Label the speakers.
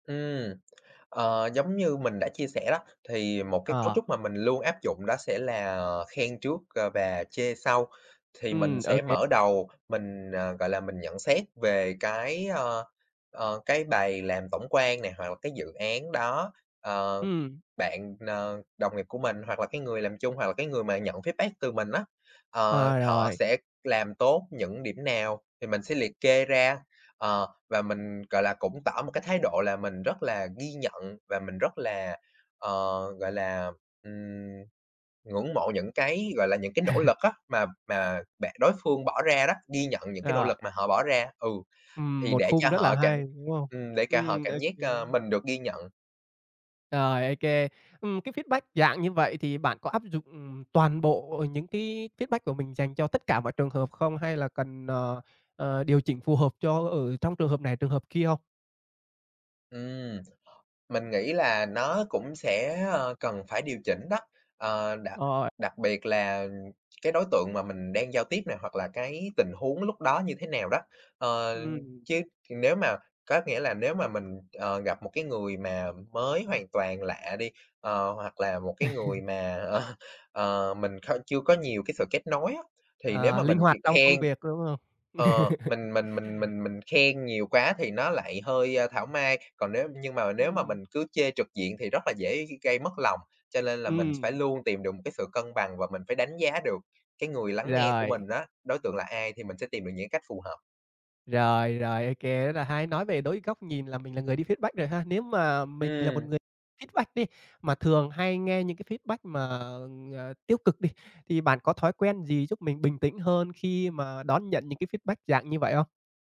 Speaker 1: Ừm, ờ, giống như mình đã chia sẻ đó, thì một cái cấu
Speaker 2: Ờ.
Speaker 1: trúc mà mình luôn áp dụng đó sẽ là, ờ, khen trước, ờ, và chê sau. Thì mình
Speaker 2: Ừm,
Speaker 1: sẽ
Speaker 2: OK.
Speaker 1: mở đầu, mình, ờ, gọi là, mình nhận xét về cái, ờ, ờ, cái bài làm tổng quan nè, hoặc là cái dự án đó, ờ,
Speaker 2: Ừm.
Speaker 1: bạn n đồng nghiệp của mình, hoặc là cái người làm chung, hoặc là cái người mà nhận feedback từ mình á. Ờ,
Speaker 2: À,
Speaker 1: họ
Speaker 2: rồi.
Speaker 1: sẽ làm tốt những điểm nào thì mình sẽ liệt kê ra, ờ, và mình, gọi là, cũng tỏ một cái thái độ là mình rất là ghi nhận và mình rất là, ờ, gọi là, ừm, ngưỡng mộ những cái, gọi là, những cái nỗ lực á mà mà bạn đối phương bỏ ra đó, ghi nhận những cái nỗ
Speaker 2: Rồi.
Speaker 1: lực mà họ bỏ ra, ừ,
Speaker 2: Ừm,
Speaker 1: thì
Speaker 2: một
Speaker 1: để cho
Speaker 2: khung rất là
Speaker 1: họ cảm
Speaker 2: hay, đúng không?
Speaker 1: ừm, để cả họ
Speaker 2: Ừm,
Speaker 1: cảm giác, ơ,
Speaker 2: OK.
Speaker 1: mình được ghi nhận.
Speaker 2: Rồi, OK, ừm, cái feedback dạng như vậy thì bạn có áp dụng, ừm, toàn bộ những cái feedback của mình dành cho tất cả mọi trường hợp không, hay là cần, ờ, ờ, điều chỉnh phù hợp cho ở trong trường hợp này, trường hợp kia không?
Speaker 1: Ừm, mình nghĩ là nó cũng sẽ, ờ, cần phải điều chỉnh đó, ờ, đặc
Speaker 2: Rồi.
Speaker 1: đặc biệt là cái đối tượng mà mình đang giao tiếp nè, hoặc là cái tình huống lúc đó như thế nào đó. Ờ,
Speaker 2: Ừm.
Speaker 1: chứ nếu mà có nghĩa là nếu mà mình, ờ, gặp một cái người mà mới hoàn toàn lạ đi, ờ, hoặc là một cái người mà, ờ, ờ, mình kh chưa có nhiều cái sự kết nối á, thì nếu
Speaker 2: À,
Speaker 1: mà
Speaker 2: linh
Speaker 1: mình chỉ
Speaker 2: hoạt trong công
Speaker 1: khen
Speaker 2: việc, có đúng không?
Speaker 1: ờ, mình mình mình mình mình khen nhiều quá thì nó lại hơi thảo mai. Còn nếu nhưng mà, nếu mà mình
Speaker 2: Ừm.
Speaker 1: cứ chê trực diện thì rất là dễ g gây mất lòng, cho lên là mình phải
Speaker 2: Ừm.
Speaker 1: luôn tìm được một cái sự cân bằng và mình phải đánh giá được cái người lắng nghe của
Speaker 2: Rồi.
Speaker 1: mình á, đối tượng là ai, thì mình sẽ tìm được những cái cách phù hợp.
Speaker 2: Rồi, rồi, OK, rất là hay, nói về đối góc nhìn là mình là người đi feedback rồi ha, nếu mà mình là một
Speaker 1: Ừm.
Speaker 2: người feedback đi, mà thường hay nghe những cái feedback mà, ờ, tiêu cực đi, thì bạn có thói quen gì giúp mình bình tĩnh hơn khi mà đón nhận những cái feedback dạng như vậy không?